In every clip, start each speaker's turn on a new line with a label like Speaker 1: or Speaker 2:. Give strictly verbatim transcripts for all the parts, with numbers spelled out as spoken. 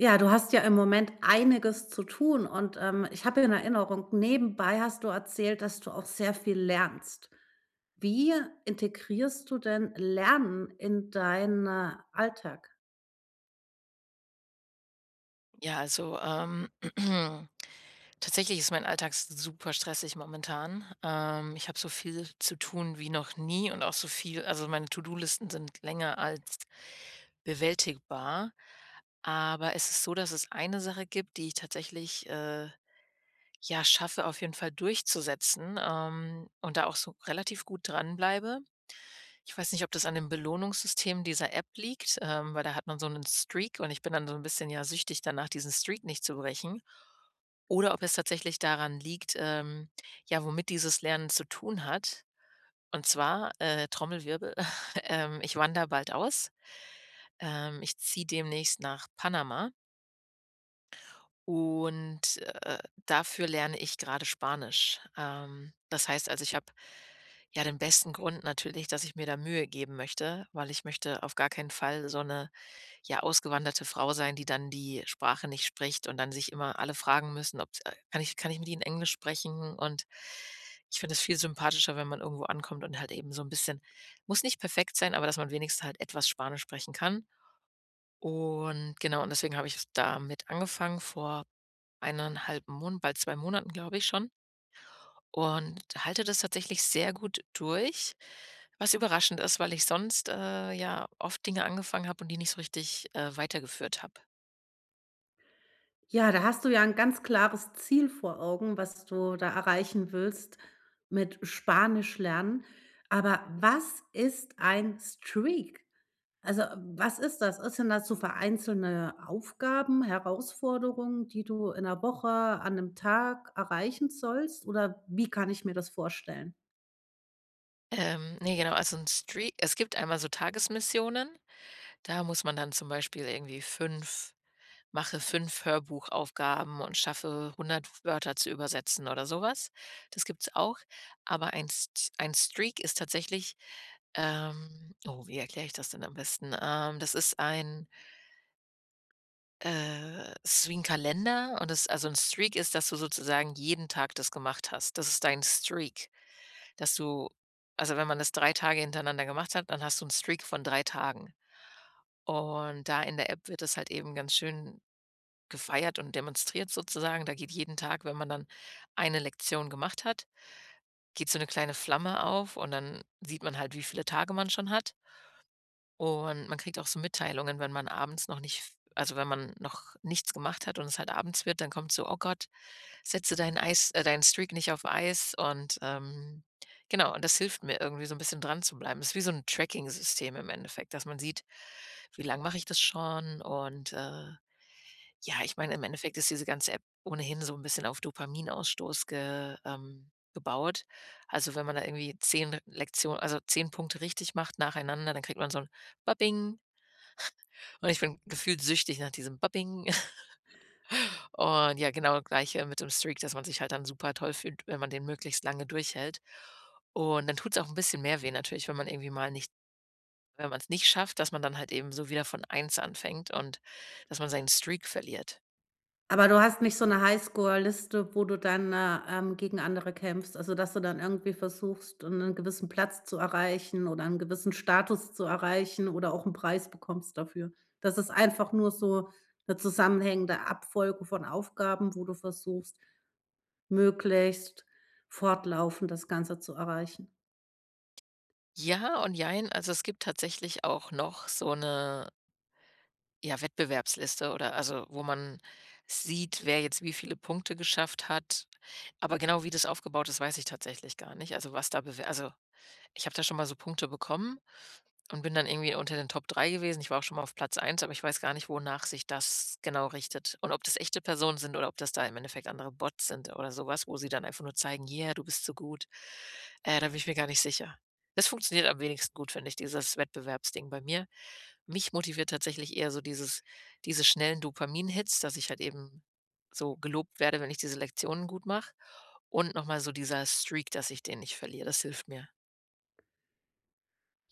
Speaker 1: Ja, du hast ja im Moment einiges zu tun und, ähm, ich habe in Erinnerung, nebenbei hast du erzählt, dass du auch sehr viel lernst. Wie integrierst du denn Lernen in dein, äh, Alltag?
Speaker 2: Ja, also, ähm, tatsächlich ist mein Alltag super stressig momentan. Ähm, ich habe so viel zu tun wie noch nie und auch so viel also, meine To-Do-Listen sind länger als bewältigbar. Aber es ist so, dass es eine Sache gibt, die ich tatsächlich, äh, ja, schaffe, auf jeden Fall, durchzusetzen, ähm, und da auch so relativ gut dranbleibe. Ich weiß nicht, ob das an dem Belohnungssystem dieser App liegt, ähm, weil da hat man so 'nen Streak und ich bin dann so 'n bisschen, ja, süchtig danach, diesen Streak nicht zu brechen. Oder ob es tatsächlich daran liegt, ähm, ja, womit dieses Lernen zu tun hat, und zwar, äh, Trommelwirbel. Ähm, ich wandere bald aus. Ähm, ich ziehe demnächst nach Panama und, äh, dafür lerne ich grade Spanisch. Ähm, das heißt, also, ich habe, ja, den besten Grund natürlich, dass ich mir da Mühe geben möchte, weil ich möchte auf gar keinen Fall so 'ne, ja, ausgewanderte Frau sein, die dann die Sprache nicht spricht und dann sich immer alle fragen müssen, ob's „kann ich kann ich mit ihnen Englisch sprechen?“ Und ich finde das viel sympathischer, wenn man irgendwo ankommt und halt eben so 'n bisschen muss nicht perfekt sein, aber dass man wenigstens halt etwas Spanisch sprechen kann. Und, genau und deswegen habe ich jetzt damit angefangen vor ein einhalb Mon bald zwei Monaten, glaube ich, schon und halte das tatsächlich sehr gut durch. Was überraschend ist, weil ich sonst, äh ja, oft Dinge angefangen habe und die nicht so richtig, äh, weitergeführt habe.
Speaker 1: Ja, da hast du ja 'n ganz klares Ziel vor Augen, was du da erreichen willst mit Spanischlernen. Aber was ist ein Streak? Also, was ist das? Ist denn das so vereinzelte Aufgaben, Herausforderungen, die du in 'ner Woche, an 'nem Tag erreichen sollst oder wie kann ich mir das vorstellen?
Speaker 2: Ähm, ne, genau, also 'n Strea es gibt einmal so Tagesmissionen. Da muss man dann zum Beispiel irgendwie fünf mache fünf Hörbuchaufgaben und schaffe hundert Wörter zu übersetzen oder so was. Das gibt's auch, aber ein S St ein Streak ist tatsächlich, ähm oh, wie erkläre ich das denn am besten? Ähm, das ist ein äh, ist wie 'n Kalender und es also, 'n Streak ist, dass du sozusagen jeden Tag das gemacht hast. Das ist dein Streak, dass du also, wenn man das drei Tage hintereinander gemacht hat, dann hast du 'n Streak von drei Tagen. Und da in der App wird das halt eben ganz schön gefeiert und demonstriert sozusagen. Da geht jeden Tag wenn man dann eine Lektion gemacht hat, geht so 'ne kleine Flamme auf und dann sieht man halt, wie viele Tage man schon hat. Und man kriegt auch so Mitteilungen, wenn man abends noch nicht f also, wenn man noch nichts gemacht hat und es halt abends wird, dann kommt so: „Oh Gott, setze dein Eis äh, deinen Streak nicht auf Eis.“ Und, ähm genau. Und das hilft mir irgendwie so 'n bisschen dran zu bleiben. Das ist wie so 'n Tracking-System im Endeffekt, dass man sieht: Wie lange mache ich das schon und, äh ja, ich meine, im Endeffekt ist diese ganze App ohnehin so 'n bisschen auf Dopaminausstoß ge ähm, gebaut. Also, wenn man da irgendwie zehn Lektio also, zehn Punkte richtig macht nacheinander, dann kriegt man so 'n "Babing" und ich bin gefühlt süchtig nach diesem „Babing.“ Und ja, genau, das Gleiche mit dem Streak, dass man sich halt dann super-toll fühlt, wenn man den möglichst lange durchhält. Und dann tut's auch 'n bisschen mehr weh natürlich, wenn man irgendwie mal nicht wenn man's nicht schafft, dass man dann halt eben so wieder von eins anfängt und dass man seinen Streak verliert.
Speaker 1: Aber du hast nicht so 'ne Highscore-Liste, wo du dann, äh, ähm, gegen andere kämpfst. Also, dass du dann irgendwie versuchst, äh, 'nen gewissen Platz zu erreichen oder 'n gewissen Status zu erreichen oder auch 'n Preis bekommst dafür. Das ist einfach nur so 'ne zusammenhängende Abfolge von Aufgaben, wo du versuchst möglichst fortlaufend das Ganze zu erreichen?
Speaker 2: Ja und jein, also, es gibt tatsächlich auch noch so 'ne ja, Wettbewerbsliste oder also, wo man sieht, wer jetzt wie viele Punkte geschafft hat. Aber genau wie das aufgebaut ist, weiß ich tatsächlich gar nicht. Also, was da bewe also, ich habe da schon mal so Punkte bekommen und bin dann irgendwie unter den Top drei gewesen. Ich war auch schon mal auf Platz eins, aber ich weiß gar nicht, wonach sich das genau richtet und ob das echte Personen sind oder ob das da im Endeffekt andere Bots sind oder so was, wo sie dann einfach nur zeigen: „Yeah, du bist so gut.“ Äh, da bin ich mir gar nicht sicher. Es funktioniert am wenigsten gut, finde ich, dieses Wettbewerbsding bei mir. Mich motiviert tatsächlich eher so dieses diese schnellen Dopamin-Hits, dass ich halt eben so gelobt werde, wenn ich diese Lektionen gut mache. Und noch mal so dieser Streak, dass ich den nicht verliere, das hilft mir.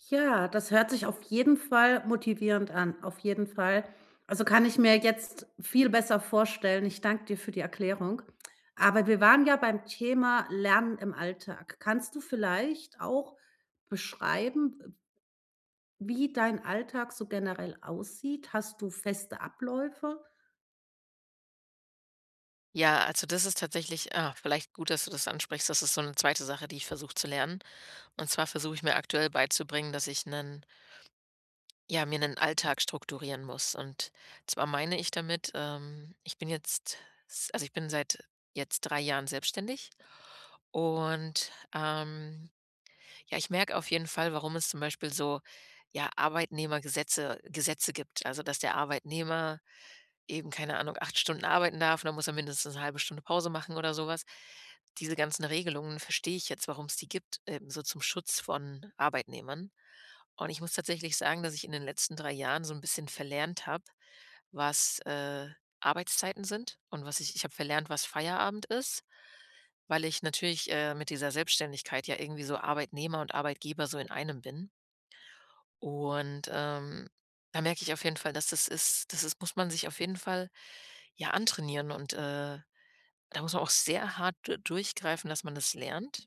Speaker 1: Ja, das hört sich auf jeden Fall motivierend an. Auf jeden Fall, also, kann ich mir jetzt viel besser vorstellen. Ich danke dir für die Erklärung. Aber wir waren ja beim Thema Lernen im Alltag. Kannst du vielleicht auch beschreiben, äh wie dein Alltag so generell aussieht? Hast du feste Abläufe?
Speaker 2: Ja, also, das ist tatsächlich ah, vielleicht gut, dass du das ansprichst. Das ist so 'ne zweite Sache, die ich versuche zu lernen. Und zwar versuche ich mir aktuell beizubringen, dass ich 'nen ja, mir 'nen Alltag strukturieren muss. Und zwar meine ich damit, ähm, ich bin jetzt, s also, ich bin seit jetzt drei Jahren selbstständig und, ähm, ja, ich merke auf jeden Fall, warum es zum Beispiel so, ja, Arbeitnehmergesetze Gesetze gibt. Also, dass der Arbeitnehmer eben, keine Ahnung, acht Stunden arbeiten darf und dann muss er mindestens 'ne halbe Stunde Pause machen oder sowas. Diese ganzen Regelungen verstehe ich jetzt, warum's die gibt, ähm, so zum Schutz von Arbeitnehmern. Und ich muss tatsächlich sagen, dass ich in den letzten drei Jahren so 'n bisschen verlernt habe, was, äh, Arbeitszeiten sind und was ich ich habe verlernt, was Feierabend ist, weil ich natürlich, äh, mit dieser Selbstständigkeit ja irgendwie so Arbeitnehmer und Arbeitgeber so in einem bin. Und, ähm, da merke ich auf jeden Fall, dass das ist das das muss man sich auf jeden Fall ja antrainieren und, äh, da muss man auch sehr hart du durchgreifen, dass man das lernt.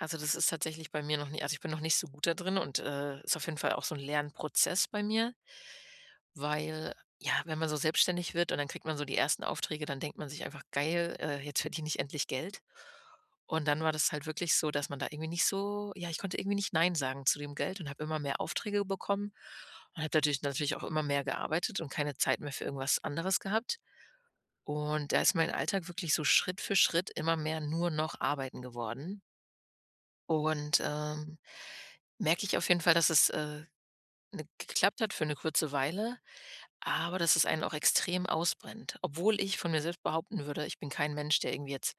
Speaker 2: Also, das ist tatsächlich bei mir noch nie also, ich bin noch nicht so gut da drin und, äh, ist auf jeden Fall auch so 'n Lernprozess bei mir. Weil, ja, wenn man so selbstständig wird und dann kriegt man so die ersten Aufträge, dann denkt man sich einfach: „Geil, äh, jetzt verdiene ich endlich Geld.“ Und dann war das halt wirklich so, dass man da irgendwie nicht so ja, ich konnte irgendwie nicht nein sagen zu dem Geld und habe immer mehr Aufträge bekommen und habe natürlich natürlich auch immer mehr gearbeitet und keine Zeit mehr für irgendwas anderes gehabt. Und da ist mein Alltag wirklich so Schritt für Schritt immer mehr nur noch arbeiten geworden. Und, ähm, merke ich auf jeden Fall, dass es, äh, ne geklappt hat für 'ne kurze Weile, aber dass es einen auch extrem ausbrennt. Obwohl ich von mir selbst behaupten würde, ich bin kein Mensch, der irgendwie jetzt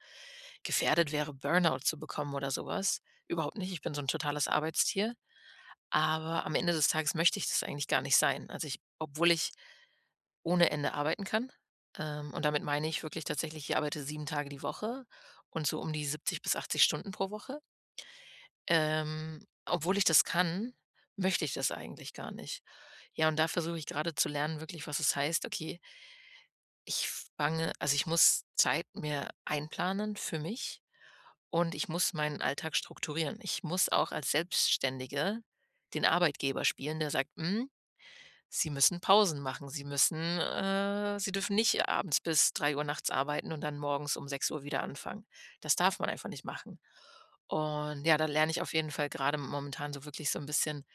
Speaker 2: gefährdet wäre, Burnout zu bekommen oder so was. Überhaupt nicht, ich bin so 'n totales Arbeitstier. Aber am Ende des Tages möchte ich das eigentlich gar nicht sein. Also, ich obwohl ich ohne Ende arbeiten kann, ähm, und damit meine ich wirklich tatsächlich, ich arbeite sieben Tage die Woche und so um die siebzig bis achtzig Stunden pro Woche ähm, obwohl ich das kann, möchte ich das eigentlich gar nicht. Ja, und da versuche ich grade zu lernen wirklich, was es heißt okay, ich fange also, ich muss Zeit mir einplanen für mich und ich muss meinen Alltag strukturieren. Ich muss auch als Selbstständige den Arbeitgeber spielen, der sagt: „Hm, sie müssen Pausen machen, sie müssen, äh sie dürfen nicht abends bis drei Uhr nachts arbeiten und dann morgens um sechs Uhr wieder anfangen. Das darf man einfach nicht machen.“ Und ja, da lerne ich auf jeden Fall grade momentan so wirklich so 'n bisschen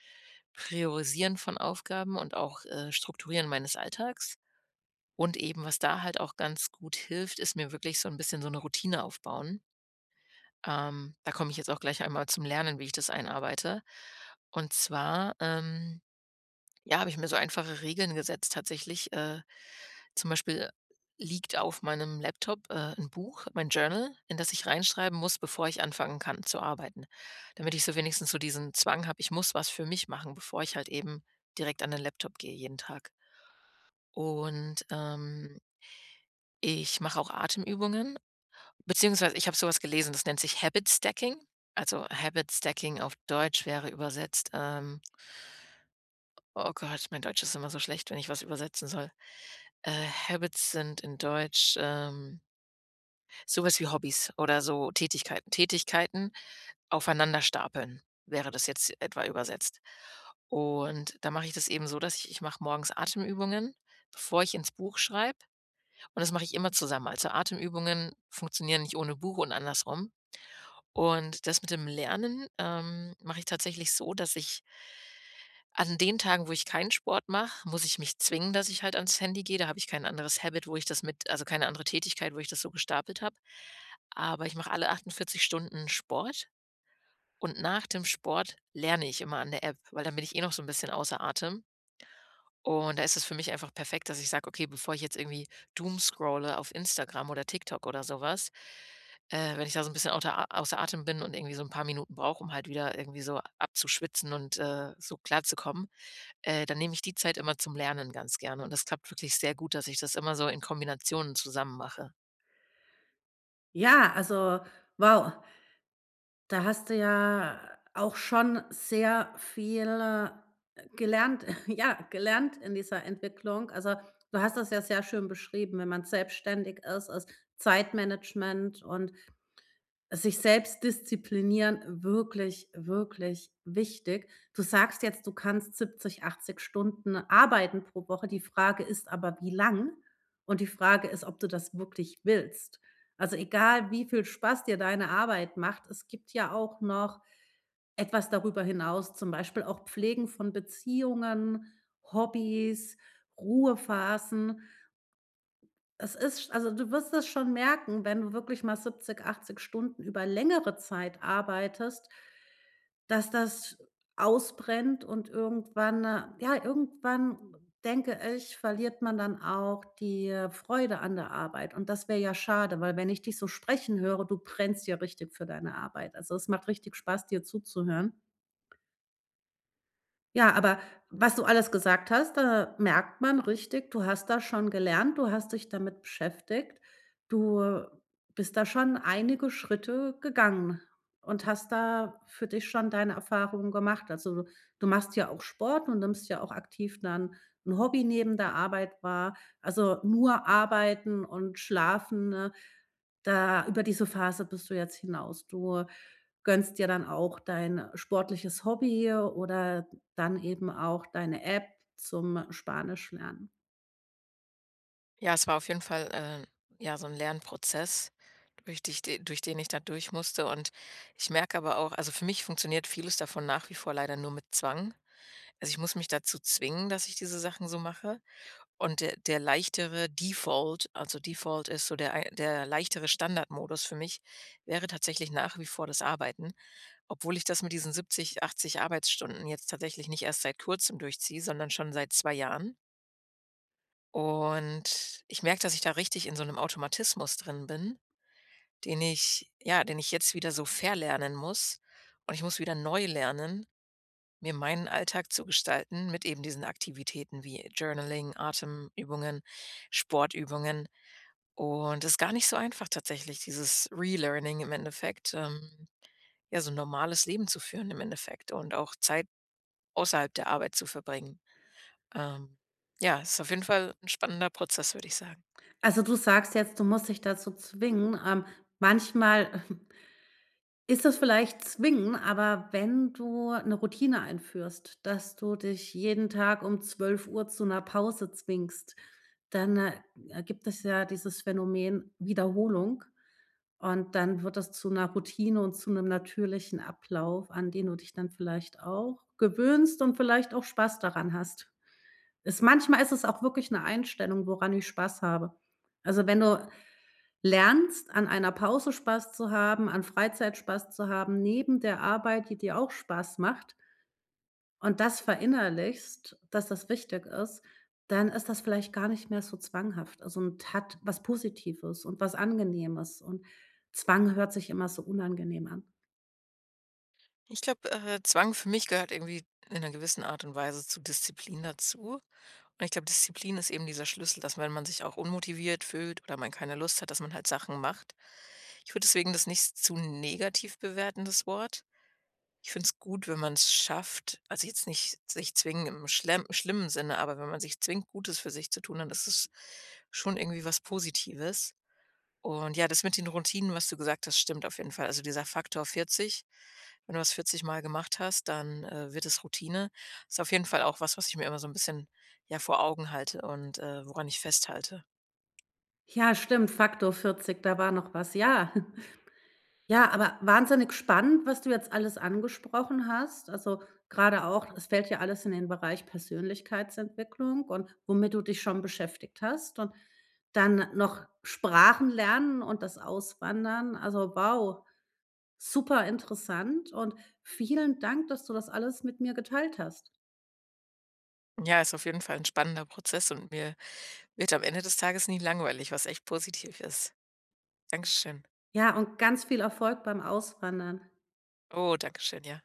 Speaker 2: priorisieren von Aufgaben und auch, äh, strukturieren meines Alltags. Und eben, was da halt auch ganz gut hilft, ist mir wirklich so 'n bisschen so 'ne Routine aufbauen. Ähm, da komme ich jetzt auch gleich einmal zum Lernen, wie ich das einarbeite. Und zwar, ähm, ja, habe ich mir so einfache Regeln gesetzt tatsächlich. Äh, zum Beispiel liegt auf meinem Laptop, äh, 'n Buch, mein Journal, in das ich reinschreiben muss, bevor ich anfangen kann zu arbeiten. Damit ich so wenigstens so diesen Zwang habe: „Ich muss was für mich machen, bevor ich halt eben direkt an den Laptop gehe jeden Tag.“ Und, ähm. ich mache auch Atemübungen beziehungsweise ich habe so was gelesen, das nennt sich Habitstacking. Also, Habitstacking. auf Deutsch wäre übersetzt, ähm oh Gott, mein Deutsch ist immer so schlecht, wenn ich was übersetzen soll. Äh, Habits sind in Deutsch, ähm so was wie Hobbys oder so Tätigkeiten. Tätigkeiten aufeinander stapeln, wäre das jetzt etwa übersetzt. Und da mache ich das eben so, dass ich ich mache morgens Atemübungen, bevor ich in's Buch schreibe, und das mache ich immer zusammen. Also, Atemübungen funktionieren nicht ohne Buch und andersrum. Und das mit dem Lernen, ähm, mache ich tatsächlich so, dass ich an den Tagen, wo ich kein Sport mache, muss ich mich zwingen, dass ich halt an's Handy gehe. Da habe ich kein anderes Habit, wo ich das mit also, keine andere Tätigkeit, wo ich das so gestapelt habe. Aber ich mache alle achtundvierzig Stunden Sport und nach dem Sport lerne ich immer an der App, weil da bin ich eh noch so 'n bisschen außer Atem. Und da ist es für mich einfach perfekt, dass ich sage: „Okay, bevor ich jetzt irgendwie Doomscrolle auf Instagram oder TikTok oder sowas, äh, wenn ich da so 'n bisschen auter außer Atem bin und irgendwie so 'n paar Minuten brauche, um halt wieder irgendwie so abzuschwitzen und, äh, so klar zu kommen, äh, dann nehme ich die Zeit immer zum Lernen ganz gerne.” Und das klappt wirklich sehr gut, dass ich das immer so in Kombination zusammen mache.
Speaker 1: Ja, also, wow. Da hast du ja auch schon sehr viel gelernt ja, gelernt in dieser Entwicklung. Also, du hast das ja sehr schön beschrieben, wenn man selbstständig ist, ist Zeitmanagement und sich selbst disziplinieren wirklich, wirklich wichtig. Du sagst jetzt, du kannst siebzig, achtzig Stunden arbeiten pro Woche. Die Frage ist aber, wie lang? Und die Frage ist, ob du das wirklich willst. Also, egal, wie viel Spaß dir deine Arbeit macht, es gibt ja auch noch etwas darüber hinaus, zum Beispiel auch Pflegen von Beziehungen, Hobbys, Ruhephasen. Es ist sch also, du wirst das schon merken, wenn du wirklich mal siebzig, achtzig Stunden über längere Zeit arbeitest dass das ausbrennt und irgendwann ja, irgendwann denke ich, verliert man dann auch die Freude an der Arbeit. Und das wäre ja schade, weil wenn ich dich so sprechen höre, du brennst ja richtig für deine Arbeit. Also, es macht richtig Spaß, dir zuzuhören. Ja, aber was du alles gesagt hast, da merkt man richtig, du hast da schon gelernt, du hast dich damit beschäftigt. Du bist da schon einige Schritte gegangen und hast da für dich schon deine Erfahrungen gemacht. Also, du du machst ja auch Sport und nimmst ja auch aktiv dann 'n Hobby neben der Arbeit wahr, also nur arbeiten und schlafen, ne? Da über diese Phase bist du jetzt hinaus. Du gönnst ja dann auch dein sportliches Hobby oder dann eben auch deine App zum Spanisch lernen.
Speaker 2: Ja, es war auf jeden Fall, äh, ja, so 'n Lernprozess, durch dich de durch den ich da durchmusste und ich merke aber auch also für mich funktioniert vieles davon nach wie vor leider nur mit Zwang. Also, ich muss mich dazu zwingen, dass ich diese Sachen so mache und der der leichtere Default, also: „Default" ist so der ein der leichtere Standardmodus für mich, wäre tatsächlich nach wie vor das Arbeiten, obwohl ich das mit diesen siebzig, achtzig Arbeitsstunden jetzt tatsächlich nicht erst seit Kurzem durchziehe, sondern schon seit zwei Jahren. Und ich merke, dass ich da richtig in so 'nem Automatismus drin bin, den ich ja, den ich jetzt wieder so verlernen muss und ich muss wieder neu lernen, mir meinen Alltag zu gestalten mit eben diesen Aktivitäten wie Journaling, Atemübungen, Sportübungen und ist gar nicht so einfach tatsächlich, dieses Relearning im Endeffekt, ähm ja, so 'n normales Leben zu führen im Endeffekt und auch Zeit außerhalb der Arbeit zu verbringen. Ähm, ja, ist auf jeden Fall 'n spannender Prozess, würde ich sagen.
Speaker 1: Also, du sagst jetzt, du musst dich dazu zwingen. Ähm, manchmal ist es vielleicht zwingen, aber wenn du 'ne Routine einführst, dass du dich jeden Tag um zwölf Uhr zu 'ner Pause zwingst, dann, äh, gibt es ja dieses Phänomen Wiederholung und dann wird das zu 'ner Routine und zu 'nem natürlichen Ablauf, an den du dich dann vielleicht auch gewöhnst und vielleicht auch Spaß daran hast. Ist manchmal ist es auch wirklich 'ne Einstellung, woran ich Spaß habe. Also, wenn du lernst, an einer Pause Spaß zu haben, an Freizeit Spaß zu haben neben der Arbeit, die dir auch Spaß macht und das verinnerlichst, dass das wichtig ist, dann ist das vielleicht gar nicht mehr so zwanghaft. Also und hat was Positives und was Angenehmes und Zwang hört sich immer so unangenehm an.
Speaker 2: Ich glaube, äh, Zwang für mich gehört irgendwie in 'ner gewissen Art und Weise zu Disziplin dazu. Und ich glaube, Disziplin ist eben dieser Schlüssel, dass wenn man sich auch unmotiviert fühlt oder man keine Lust hat, dass man halt Sachen macht. Ich würde deswegen das nicht zu negativ bewerten, das Wort. Ich finde es gut, wenn man's schafft also, jetzt nicht sich zwingend im schlemm schlimmen Sinne, aber wenn man sich zwingt, Gutes für sich zu tun, dann ist es schon irgendwie was Positives. Und ja, das mit den Routinen, was du gesagt hast, stimmt auf jeden Fall. Also dieser Faktor vierzig, wenn du das vierzigmal gemacht hast, dann, äh, wird es Routine, ist auf jeden Fall auch was, was ich mir immer so 'n bisschen, ja, vor Augen halte und, äh, woran ich festhalte.
Speaker 1: Ja, stimmt, Faktor vierzig, da war noch was. Ja. Ja, aber wahnsinnig spannend, was du jetzt alles angesprochen hast. Also, grade auch es fällt ja alles in den Bereich Persönlichkeitsentwicklung und womit du dich schon beschäftigt hast und dann noch Sprachen lernen und das Auswandern. Also, wow, super interessant und vielen Dank, dass du das alles mit mir geteilt hast.
Speaker 2: Ja, ist auf jeden Fall 'n spannender Prozess und mir wird am Ende des Tages nie langweilig, was echt positiv ist. Dankeschön.
Speaker 1: Ja, und ganz viel Erfolg beim Auswandern.
Speaker 2: Oh, Dankeschön, ja.